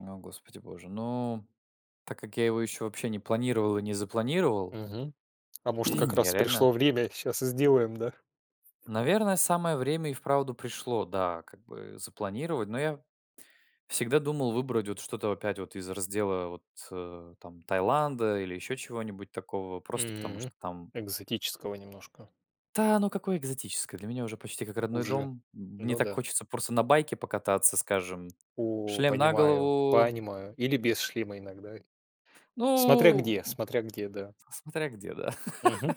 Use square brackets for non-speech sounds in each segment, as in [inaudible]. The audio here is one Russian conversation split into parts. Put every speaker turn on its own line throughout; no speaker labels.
О, Господи боже, ну, так как я его еще вообще не планировал и не запланировал
Мгм. А может, как
[clears throat] я
раз
реально
пришло время, щас и сделаем, да.
наверное, самое время и вправду пришло, да, как бы запланировать. Но я всегда думал выбрать вот что-то опять вот из раздела вот, э-э, там Таиланда или еще чего-нибудь такого, просто потому что
Мм.
там
Экзотического немножко.
Та оно какое экзотическое, для меня уже почти как родной
Уже.
дом. М мне
Ну
так
да.
хочется просто на байке покататься, скажем,
О-о,
шлем на
понимаю,
голову.
понимаю. Или без шлема иногда. Смотря
Ну,
где. Смотря где, да.
в с смотря где, да.
Мгм.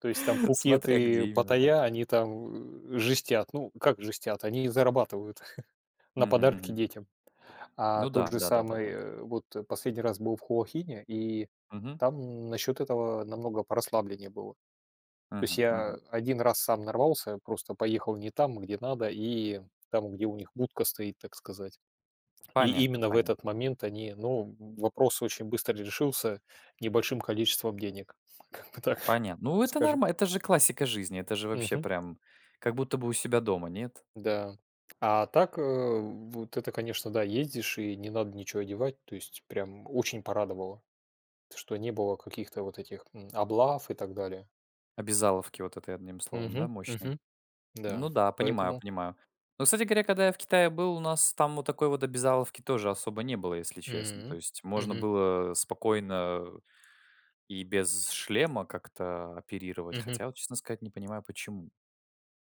То есть там Пхукет
Смотря где
и
именно. Так.
Паттайя, они, там, э-э, жестят. Ну, как жестят, они зарабатывают [chuckles] на
Мгм.
подарки
Мгм.
детям. А
Ну
тот
да.
же
Да, да, да,
самый,
да.
э-э, вот последний раз был в Хуахине, и
Мгм.
там насчет этого намного порасслабленнее было. То есть
Мгм.
я
Мгм.
один раз сам нарвался, просто поехал не там, где надо, и там, где у них будка стоит, так сказать. И
Понятно,
именно в этот
понятно.
момент они ну, в вопрос очень быстро решился небольшим количеством денег. Как бы так,
Понятно. Ну, это
скажем.
норма это же классика жизни. Это же вообще
Мгм.
прям как будто бы у себя дома, нет?
Да. А так, э-э, вот это конечно, да, ездишь, и не надо ниче одевать. То есть прям очень порадовало, т что не было каких-то вот этих, мм, облав и так далее.
Обязаловки вот этой одним словом, да,
Мгм.
мощной.
Мгм.
Ну
Да.
да, понимаю,
Поэтому.
понимаю. Но, кстати говоря, когда я в Китае был, у нас там вот такой вот обязаловки тоже особо не было, если честно. То
Мм.
есть можно
Мгм.
было, э, спокойно и без шлема как-то оперировать,
Мгм.
хотя, вот честно сказать, не понимаю, почему.